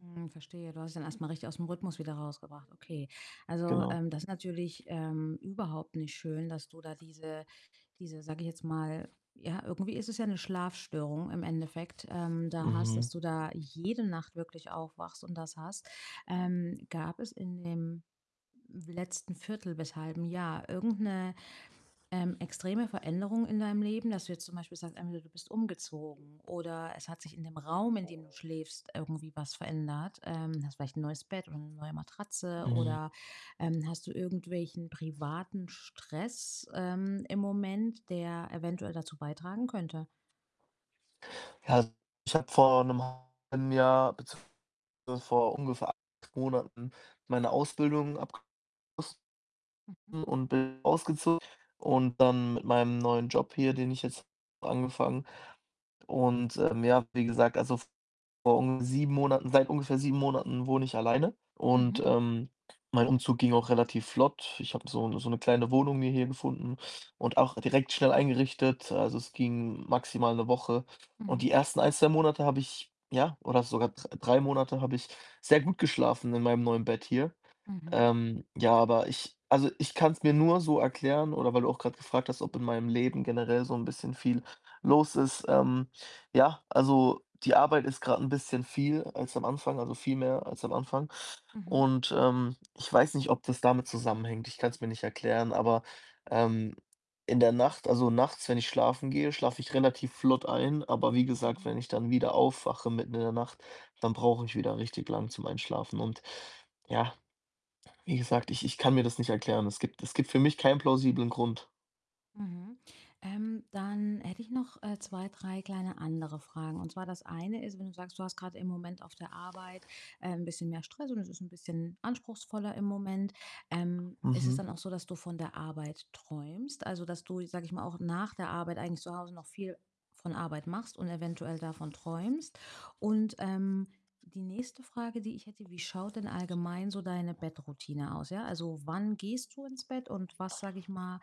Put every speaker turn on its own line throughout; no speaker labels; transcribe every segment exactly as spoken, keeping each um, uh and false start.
Mhm, verstehe, du warst dann erst mal richtig aus 'm Rhythmus wieder rausgebracht. Okay. Also,
Genau.
ähm, das ist natürlich, ähm, überhaupt nicht schön, dass du da diese diese, sage ich jetzt mal ja, irgendwie ist es ja 'ne Schlafstörung im Endeffekt, ähm, da hast
Mhm.
dass du da jede Nacht wirklich aufwachst und das hast. Ähm, gab es in dem letzten viertel bis halben Jahr irgend 'ne, ähm, extreme Veränderung in deinem Leben, dass du jetzt zum Beispiel sagst: Entweder du bist umgezogen oder es hat sich in dem Raum, in dem du
[unintelligible]
schläfst, irgendwie was verändert. Ähm, hast vielleicht 'n neues Bett oder 'ne neue Matratze
Mhm.
oder, ähm, hast du irgendwelchen privaten Stress, ähm, im Moment, der eventuell dazu beitragen könnte?
Ja, also, ich habe vor 'nem halben Jahr, beziehungsweise vor ungefähr acht Monaten, meine Ausbildung abgeschlossen.
Mhm.
und bin ausgezo und dann mit meinem neuen Job hier, den ich jetzt angefangen. Und, ähm, ja, wie gesagt, also, vor ung sieben Monaten seit ungefähr sieben Monaten wohne ich alleine. Und,
Mhm.
ähm, mein Umzug ging auch relativ flott. Ich habe so 'ne so 'ne kleine Wohnung mir hier gefunden und auch direkt schnell eingerichtet. Also, es ging maximal 'ne Woche und die
Mhm.
ersten ein, zwei Monate habe ich ja, oder sogar dr drei Monate habe ich sehr gut geschlafen in meinem neuen Bett hier.
Mhm.
Ähm, ja, aber ich also, ich kann's mir nur so erklären oder weil du auch grad gefragt hast, ob in meinem Leben generell so 'n bisschen viel los ist, ähm. Ja, also, die Arbeit ist grad 'n bisschen viel als am Anfang also, viel mehr als am Anfang.
Mhm.
Und, ähm, ich weiß nicht, ob das damit zusammenhängt. Ich kann's mir nicht erklären, aber, ähm, in der Nacht also, nachts, wenn ich schlafen gehe, schlafe ich relativ flott ein. Aber wie gesagt, wenn
Mhm.
ich dann wieder aufwache, mitten in der Nacht, dann brauche ich wieder richtig lang zum Einschlafen. Und, ja, wie gesagt, ich ich kann mir das nicht erklären. Es gibt es gibt für mich keinen plausiblen Grund.
Mhm. Ähm, dann hätte ich noch, äh, zwei, drei kleine andere Fragen. Und zwar das eine ist, wenn du sagst, du hast grad im Moment auf der Arbeit, äh, 'n bisschen mehr Stress und es ist 'n bisschen anspruchsvoller im Moment, ähm, ist es
Mhm.
dann auch so, dass du von der Arbeit träumst? Also, dass du, sage ich mal, auch nach der Arbeit eigentlich zu Hause noch viel von Arbeit machst und eventuell davon träumst? Und, ähm, die nächste Frage, die ich hätte: Wie schaut denn allgemein so deine Bettroutine aus, ja? Also, wann gehst du ins Bett und was, sage ich mal,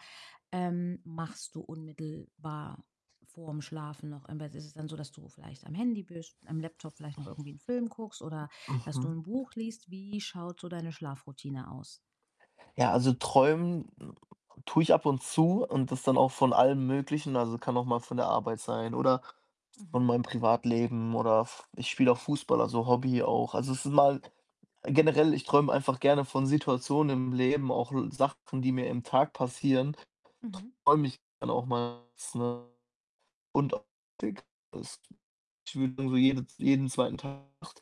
ähm, machst du unmittelbar vorm Schlafen noch im Bett? Ist es dann so, dass du vielleicht am Handy bist, am Laptop vielleicht noch irgendwie 'n Film guckst oder dass du
Mhm.
'n Buch liest? Wie schaut so deine Schlafroutine aus?
Ja, also, träumen tue ich ab und zu und das dann auch von allem Möglichen, also, kann auch mal von der Arbeit sein oder von
Mhm.
meinem Privatleben oder F ich spiele auch Fußball, also, Hobby auch. Also, es ist mal generell, ich träume einfach gerne von Situationen im Leben. Auch Sachen, die mir im Tag passieren,
Mhm.
träume ich dann auch mals, ne? Und auch [unintelligible] Ich würde dann so jede jeden zweiten Tag, Nacht